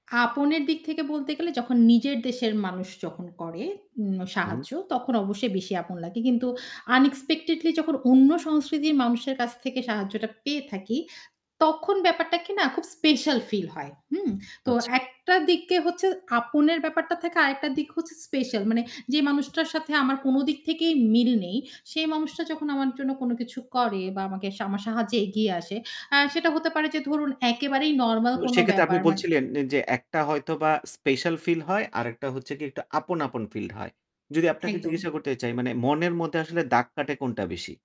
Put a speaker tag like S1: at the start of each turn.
S1: আপনের দিক থেকে বলতে গেলে যখন নিজের দেশের মানুষ যখন করে উ
S2: হুম।
S1: সাহায্য তখন অবশ্যই বেশি আপন লাগে। কিন্তু আনএক্সপেক্টেডলি যখন অন্য সংস্কৃতির মানুষের কাছ থেকে সাহায্যটা পেয়ে থাকি, তখন ব্যাপারটাকে না খুব স্পেশাল ফিল হয়। হুম? তো
S2: আচ্ছা।
S1: একটা দিকে হচ্ছে আপনের ব্যাপারটা থেকে আরেকটা দিক হচ্ছে স্পেশাল। মানে যে মানুষটার সাথে আমার কোনো দিক থেকেই মিল নেই, সেই মানুষটা যখন আমার জন্য কোনো কিছু করে বা আমাকে আমার সাহায্যে এগিয়ে আসে, আ সেটা হতে পারে যে ধরুন একেবারেই নরমাল
S2: তো
S1: কোনো
S2: সেক্ষেত্রে আপনি
S1: ব্যাপার মানে
S2: বলছিলেন নে যে একটা হয়তোবা স্পেশাল ফিল হয়। আরেকটা হচ্ছে কি আপন, আপন ফিল হয়। যদি আপনাকে
S1: একদম।
S2: জিজ্ঞাসা করতে চাই মানে মনের মধ্যে আসলে দাগ কাটে কোনটা বেশি?